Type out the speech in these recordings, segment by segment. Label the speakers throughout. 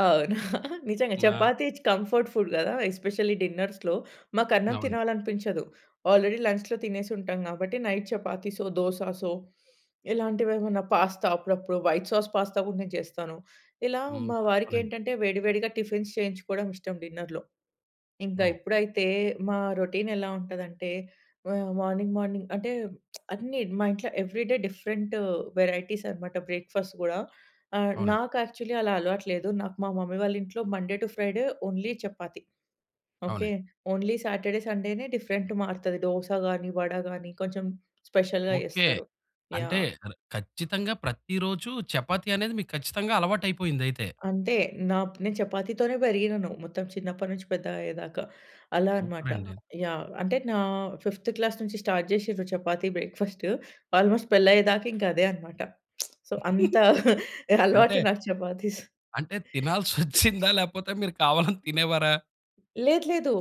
Speaker 1: అవును. నిజంగా
Speaker 2: ఆ!
Speaker 1: చపాతీ చ్ కంఫర్ట్ ఫుడ్ గదా! ఎస్పెషల్లీ డిన్నర్స్‌లో మాకు అన్నం
Speaker 2: అవును.
Speaker 1: తినాలనిపించదు. ఆల్రెడీ లంచ్‌లో తినేసి ఉంటాం గాబట్టి, నైట్ చపాతీసో, దోసాసో ఇలాంటివేమన్నా పాస్తా అప్పుడప్పుడు వైట్ సాస్, పాస్తా గూడా నేను చేస్తాను. ఇలా
Speaker 2: హ్మ్.
Speaker 1: మా
Speaker 2: అవునండి.
Speaker 1: వారికేంటంటే వేడి, వేడిగా టిఫిన్స్ చేయించుకోవడం ఇష్టం డిన్నర్‌లో. ఇంగా
Speaker 2: ఓహ్!
Speaker 1: ఇప్పుడైతే మా రొటీన్ ఎలా ఉంటదంటే ఆహ్, మార్నింగ్, మార్నింగ్ అంటే అన్నీ మా ఇంట్లో ఎవ్రీ డే డిఫరెంటు వెరైటీస్ అనమాట బ్రేక్‌ఫాస్ట్ గూడా. ఆ!
Speaker 2: అవునండి.
Speaker 1: నాకు యాక్చువల్లీ అలా అలవాటు లేదు. నాకు మా మమ్మీ వాళ్ళ ఇంట్లో Monday to Friday only chapati. Okay.
Speaker 2: అవునండి.
Speaker 1: ఓన్లీ సాటర్‌డే, సండేనే డిఫరెంట్ మారుతది దోస గానీ, వడ గానీ కొంచెం స్పెషల్‌గా
Speaker 2: ఓకే.
Speaker 1: ఏస్తరు.
Speaker 2: అంటే
Speaker 1: యాహ్!
Speaker 2: కర్ ఖచ్చితంగా ప్రతి రోజు చపాతీ అనేది మీకు ఖచ్చితంగా అలవాటయిపోయిందయితే?
Speaker 1: అంతే! నా నేను చపాతీ‌తోనే పెరిగినాను. మొత్తం చిన్నప్పటి నుంచి పెద్దగా అయ్యేదాకా. అలా అన్నమాట.
Speaker 2: సూపరండి.
Speaker 1: యాహ్! అంటే నా ఫిఫ్త్ క్లాస్ నుంచి స్టార్ట్ చేసిండ్రు చపాతీ బ్రేక్‌ఫాస్టు ఆల్మోస్ట్ పెళ్లి అయ్యేదాక ఇంకా అదే అన్నమాట. సో, అంత
Speaker 2: అంటే...
Speaker 1: అలవాటు నాకు చపాతీస్.
Speaker 2: అంటే తినాల్సొచ్చిందా? లేకపోతే మీరు కావాలని తినేవారా?
Speaker 1: లేదు. లేదు.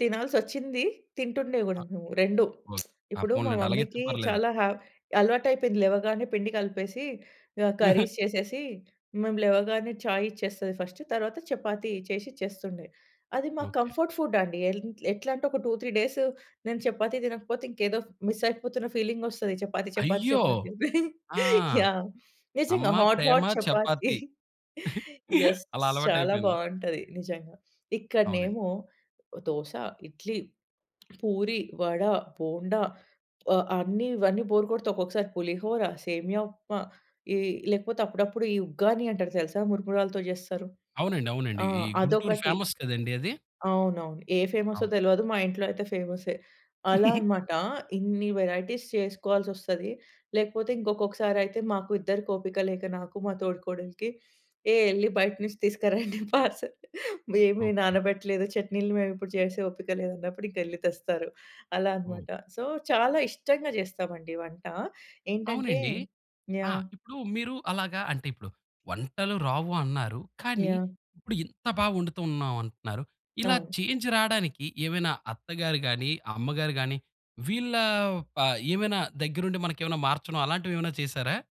Speaker 1: తినాల్సొచ్చింది. తింటుండే
Speaker 2: అ
Speaker 1: గూడా మేము రెండు.
Speaker 2: ఒక్ ఆ!
Speaker 1: ఇప్పుడు మా
Speaker 2: పోన్లెండి. అలాగైతే
Speaker 1: మమ్మీకి
Speaker 2: పర్లేదు.
Speaker 1: చాలా హా అలవాటయిపోయింది. లేవగానే పిండి కలిపేసి, ఆహ్, కర్రీస్ చేసేసి, మేము లేవగానే ఛాయ్ ఇచ్చేస్తది ఫస్ట్. తరువాత చపాతీ చేసి ఇచ్చేస్తుండే. అది మాకు
Speaker 2: ఓకే.
Speaker 1: కంఫర్ట్ ఫుడ్ అండి. ఎల్ ఎట్లంటే ఒక 2, 3 డేసు నేను చపాతీ తినకపోతే ఇంకేదో ఫ్ మిస్సయిపోతున్న ఫీలింగొస్తది చపాతీ, చపాతీ,
Speaker 2: అయ్యో!
Speaker 1: చపాతీ.
Speaker 2: ఆ!
Speaker 1: యాహ్! నిజంగా.
Speaker 2: అమ్మ,
Speaker 1: హాట్,
Speaker 2: ప్రేమ,
Speaker 1: హాట్ చపాతీ.
Speaker 2: చపాతీ
Speaker 1: యెస్.
Speaker 2: అలా
Speaker 1: చాలా
Speaker 2: అలవాటయిపోయింది.
Speaker 1: బావుంటది నిజంగా.
Speaker 2: అవునండి.
Speaker 1: ఇక్కడనేమో దోస, ఇడ్లీ, పూరి, వడ, బోండా ఆహ్, అన్ని ఇవన్నీ బోర్ కొడితే ఒక్కొక్కసారి పులిహోర, సేమియా ఉప్మా ఈ లేకపోతే అప్పుడప్పుడు ఈ ఉగ్గాని అంటారు తెలుసా? మురుమురాలతో జేస్తారు.
Speaker 2: అవునండి. అవునండి.
Speaker 1: ఆ!
Speaker 2: ఈ గుంటూరు
Speaker 1: అదొకటి.
Speaker 2: ఫేమస్ కదండీ అది.
Speaker 1: అవును. అవును. ఏ ఫేమస్సో
Speaker 2: అవును.
Speaker 1: తెలవదు. మా ఇంట్లో అయితే ఫేమస్సే. అలా అన్నమాట. ఇన్ని వెరైటీస్ చేసుకోవాల్సొస్తది. లేకపోతే ఇంకొకసారి అయితే, మాకు ఇద్దరికి ఓపిక లేక నాకు మా తోడికోడలికి ఏ ఎళ్లి బయటనుంచి తీసుకురండి పార్సెల్. ఏమి
Speaker 2: ఓకే.
Speaker 1: నానబెట్టలేదు. చట్నీలు మేము చేసే ఓపిక లేదన్నప్పుడు ఇంకెళ్లి తెస్తారు. అలా
Speaker 2: ఓహ్!
Speaker 1: అన్నమాట. సో, చాలా ఇష్టంగా జేస్తామండి వంట. ఏంటంటే
Speaker 2: అవునండి. ఆ!
Speaker 1: యాహ్!
Speaker 2: ఇప్పుడు మీరు అలాగా అంటేప్పుడు వంటలు రావు అన్నారు కానీ,
Speaker 1: యాహ్!
Speaker 2: ఇప్పుడు ఇంత బాగా వండుతున్నాం అంటున్నారు. ఇలా
Speaker 1: అవును.
Speaker 2: చేంజ్ రాడానికి ఏమైనా అత్తగారు గానీ, అమ్మగారు గానీ వీళ్ళ ఆహ్, ఏమైనా దగ్గరుండి మనకేమైనా మార్చడం అలాంటివేమైనా చేసారా?